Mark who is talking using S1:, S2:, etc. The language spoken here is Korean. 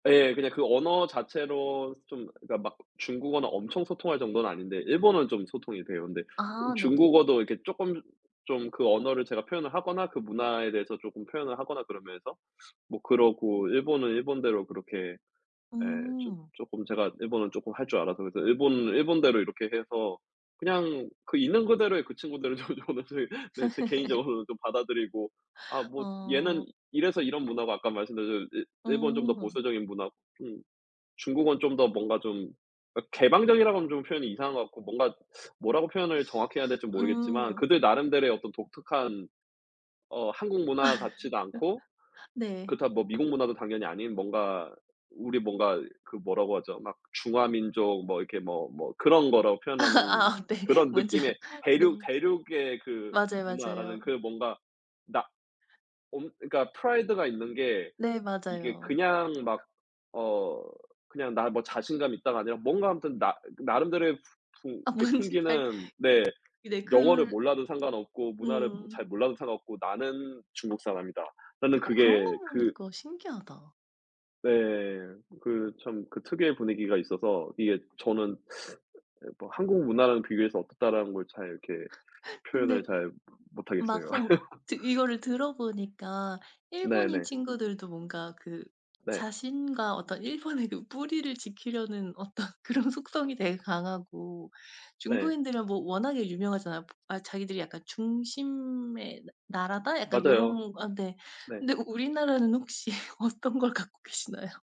S1: 예. 그냥 그 언어 자체로 좀 그러니까 막 중국어는 엄청 소통할 정도는 아닌데 일본어는 좀 소통이 돼요. 근데 이
S2: 아 네네.
S1: 중국어도 이렇게 조끔 좀 그 언어를 제가 표현을 하거나 그 문화에 대해서 쪼끔 표현을 하거나 그러면서 뭐 그러고 일본은 일본대로 그렇게 예 쪼
S2: 음.
S1: 쪼끔 제가 일본어 쪼끔 할 줄 알아서 그래서 일본은 일본대로 이렇게 해서 그냥 그 있는 그대로의 그 친구들도 저는 제 네 제 개인적으로는 좀 받아들이고 아. 뭐 얘는
S2: 어.
S1: 이래서 이런 문화고 아까 말씀드린 대로 일 일본은 좀 더
S2: 음.
S1: 보수적인 문화고 음 중국은 좀 더 뭔가 좀 아 개방적이라고 하면 좀 표현이 이상한 것 같고 뭔가 뭐라고 표현을 정확히 해야 될지 모르겠지만
S2: 음.
S1: 그들 나름대로의 어떤 독특한 어 한국 문화 같지도 않고
S2: 네.
S1: 그렇다고 뭐 미국 문화도 당연히 아닌 뭔가 우리 뭔가 그 뭐라고 하죠? 막 중화 민족 뭐 이렇게 뭐 뭐 그런 거로 표현하는
S2: 아 네.
S1: 그런
S2: 먼저
S1: 느낌의 대륙
S2: 네.
S1: 대륙의 그
S2: 맞아요.
S1: 문화라는
S2: 맞아요.
S1: 그 뭔가 나 엄 그러니까 프라이드가 있는 게
S2: 네
S1: 이게
S2: 맞아요.
S1: 그냥 막 어 그냥 '나 뭐 자신감 있다.'가 아니라 뭔가 아무튼 나 나름대로의 푸 푸
S2: 아
S1: 그러니까
S2: 뭔지 잘
S1: 풍기는
S2: 그
S1: 네.
S2: 네
S1: '영어를
S2: 그
S1: 몰라도 상관없고 문화를 뭐
S2: 음.
S1: 잘 몰라도 상관없고 나는 중국 사람이다.'라는
S2: 아 그런 거
S1: 그게
S2: 보며
S1: 그
S2: 니까 신기하다.
S1: 네. 그 참 그 특유의 분위기가 있어서 이게 저는 예 뭐 한국 문화랑 비교해서 어떻다.'라는 걸 잘 이렇게 표현을
S2: 근데
S1: 잘 모 못하겠어요.
S2: 막상 뭐 지금 이거를 들어보니까 일본인
S1: 네네.
S2: 친구들도 뭔가 그
S1: 네.
S2: 자신과 어떤 일본의 그 뿌리를 지키려는 어떤 그런 속성이 되게 강하고
S1: 네.
S2: 중국인들은 뭐 워낙에 유명하잖아요. 아 '자기들이 약간 중심의 나 나라다?' 약간
S1: 맞아요.
S2: 요런 아 네.
S1: 네.
S2: 근데 우 우리나라는 혹시 어떤 걸 갖고 계시나요?